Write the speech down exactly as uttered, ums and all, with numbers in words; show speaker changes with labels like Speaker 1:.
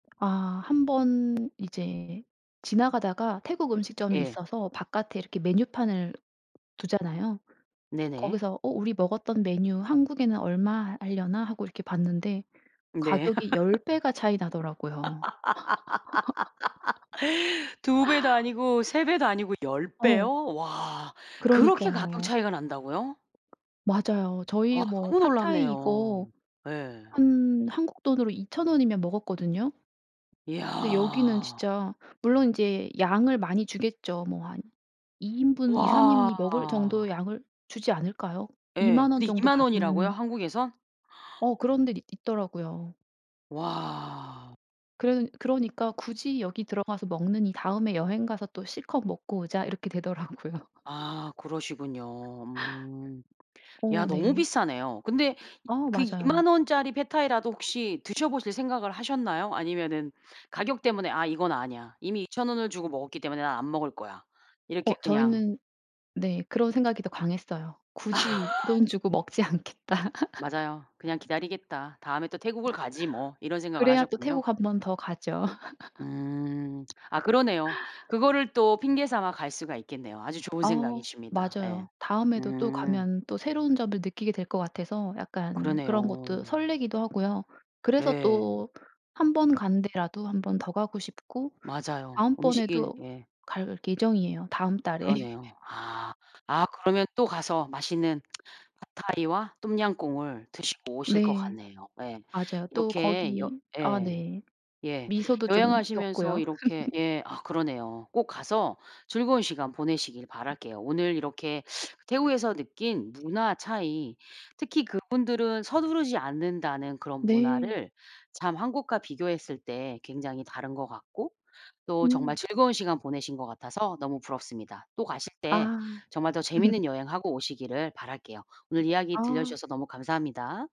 Speaker 1: 아 한 번 이제 지나가다가 태국 음식점이
Speaker 2: 예.
Speaker 1: 있어서 바깥에 이렇게 메뉴판을 두잖아요.
Speaker 2: 네네.
Speaker 1: 거기서 '어 우리 먹었던 메뉴 한국에는 얼마 하 할려나?' 하고 이렇게 봤는데
Speaker 2: 네.
Speaker 1: 가격이 열 배가 차이 나더라고요.
Speaker 2: 두 배도 아니고 세 배도 아니고 열
Speaker 1: 어.
Speaker 2: 배요? 와. 그렇게 가격
Speaker 1: 그러니까요.
Speaker 2: 차이가 난다고요?
Speaker 1: 맞아요. 저희
Speaker 2: 와
Speaker 1: 뭐
Speaker 2: 너무
Speaker 1: 팟타이
Speaker 2: 놀랍네요.
Speaker 1: 이거
Speaker 2: 예.
Speaker 1: 한 한국 돈으로 이천 원이면 먹었거든요. 근데 여기는
Speaker 2: 야.
Speaker 1: 진짜 물론 인제 양을 많이 주겠죠. 뭐 한 이 인분, 이삼
Speaker 2: 와.
Speaker 1: 인이 먹을 정도의 양을 주지 않을까요?
Speaker 2: 예.
Speaker 1: 이만 원
Speaker 2: 근데
Speaker 1: 정도
Speaker 2: 이만 원이라고요
Speaker 1: 받는
Speaker 2: 한국에선?
Speaker 1: 어 그런 데도 있더라고요.
Speaker 2: 와.
Speaker 1: 그런 그러니까 "굳이 여기 들어가서 먹느니 다음에 여행 가서 또 실컷 먹고 오자." 이렇게 되더라고요.
Speaker 2: 아 그러시군요. 음. 야
Speaker 1: 어
Speaker 2: 너무
Speaker 1: 네.
Speaker 2: 비싸네요. 근데 이
Speaker 1: 어
Speaker 2: 그
Speaker 1: 맞아요.
Speaker 2: 이만 원짜리 팟타이라도 혹시 드셔 보실 생각을 하셨나요? 아니면은 가격 때문에 '아 이건 아니야. 이미 이천 원을 주고 먹었기 때문에 난 안 먹을 거야.' 이렇게
Speaker 1: 어
Speaker 2: 그냥
Speaker 1: 저희는 네 그런 생각이 더 강했어요. '굳이 이 돈 주고 먹지 않겠다.'
Speaker 2: 맞아요. '그냥 기다리겠다. 다음에 또 태국을 가지, 뭐' 이런 생각을
Speaker 1: 그래야 또
Speaker 2: 하셨군요.
Speaker 1: 태국 한 번 더 가죠.
Speaker 2: 음. 아 그러네요. 그거를 또 핑계 삼아 갈 수가 있겠네요. 아주 좋은
Speaker 1: 어
Speaker 2: 생각이십니다.
Speaker 1: 맞아요.
Speaker 2: 예.
Speaker 1: 다음에도 또
Speaker 2: 음.
Speaker 1: 가면 또 새로운 점을 느끼게 될 것 같아서 약간 그런 것도
Speaker 2: 그러네요.
Speaker 1: 설레기도 하고요. 그래서
Speaker 2: 예.
Speaker 1: 또 한 번 간 데라도 한 번 더 가고 싶고
Speaker 2: 맞아요. 음식일
Speaker 1: 다음번에도
Speaker 2: 예.
Speaker 1: 갈 예정이에요 다음 달에.
Speaker 2: 그러네요. 아. 아 그러면 또 가서 맛있는 팟타이와 똠얌꿍을 드시고 오실 것
Speaker 1: 네.
Speaker 2: 같네요. 예.
Speaker 1: 맞아요. 또
Speaker 2: 이렇게 여
Speaker 1: 거기 아
Speaker 2: 예.
Speaker 1: 네
Speaker 2: 예.
Speaker 1: 미소도 좀
Speaker 2: 여행하시면서
Speaker 1: 겪고요.
Speaker 2: 이렇게 예 아 그러네요. 꼭 가서 즐거운 시간 보내시길 바랄게요. 오늘 이렇게 태국에서 느낀 문화 차이, 특히 그분들은 서두르지 않는다는 그런
Speaker 1: 네.
Speaker 2: 문화를 참 한국과 비교했을 때 굉장히 다른 것 같고 또 정말
Speaker 1: 음.
Speaker 2: 즐거운 시간 보내신 것 같아서 너무 부럽습니다. 또 가실 때
Speaker 1: 아.
Speaker 2: 정말 더 재밌는 여행하고 오시기를 바랄게요. 오늘 이야기
Speaker 1: 아.
Speaker 2: 들려주셔서 너무 감사합니다.